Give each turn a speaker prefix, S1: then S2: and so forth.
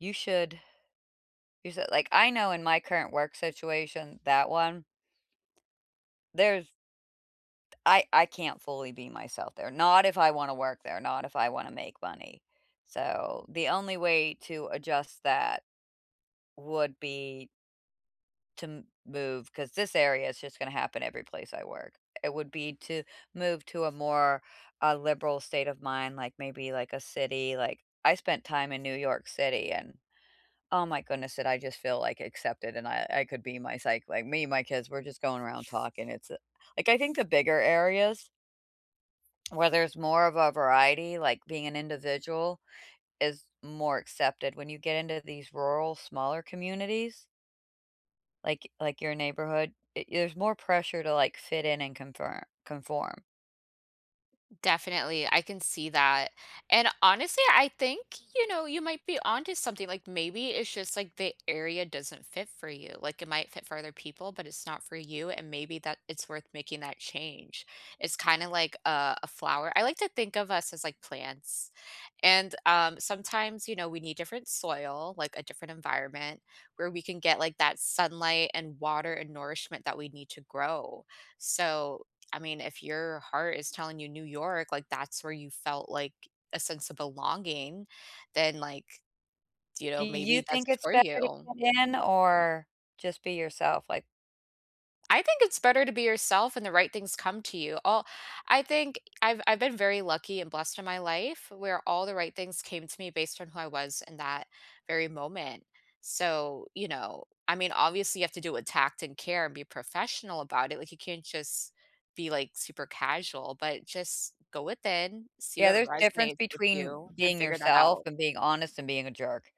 S1: You should use it, like I know in my current work situation, that one there's d I I can't fully be myself there, not if I wanna work there, not if I wanna make money. So, the only way to adjust that would be to move 'cause this area it's just gonna happen every place I work. It would be to move to a more, uh, liberal state of mind, like, maybe like a city, like I spent time in New York City and, oh my goodness, did I just feel, like, accepted and I I could be my psyche like, me, my kids were just going around talking it's, uh like, I think the bigger areas where there's more of a variety, like, being individual is more accepted. When you get into these rural smaller communities like like your neighborhood, i there's more pressure to, like, fit in and confir conform.
S2: Definitely. I can see that. And, honestly, I think, you know, you might be onto something. Like, maybe it's just, like, the area doesn't fit for you. Like, it might fit for other people, but it's not for you, and maybe that it's worth making that change. It's kinda like a a flower. I like to think of us as, like, plants. And, um, sometimes, you know, we need different soil, like, a different environment where we can get, like, that sunlight and water and nourishment that we need to grow. So, I mean, if your heart is telling you New York, like, that's where you felt, like, a sense of belonging, then, like, you
S1: Do
S2: know,
S1: you
S2: maybe that's
S1: think it's
S2: for
S1: better to
S2: you.
S1: fit in or just be yourself? Like
S2: I think it's better to be yourself and the right things come to you. Oh, I think I've I've been very lucky and blessed in my life where all the right things came to me based on who I was in that very moment. So, you know, I mean, obviously, you have to do it with tact and care and be professional about it, like, you can't just be, like, super casual, but just go within, see
S1: Yeah.
S2: what
S1: There's difference
S2: resonates with
S1: between
S2: you, and
S1: being
S2: figure that
S1: yourself,
S2: out.
S1: and being honest, and being a jerk.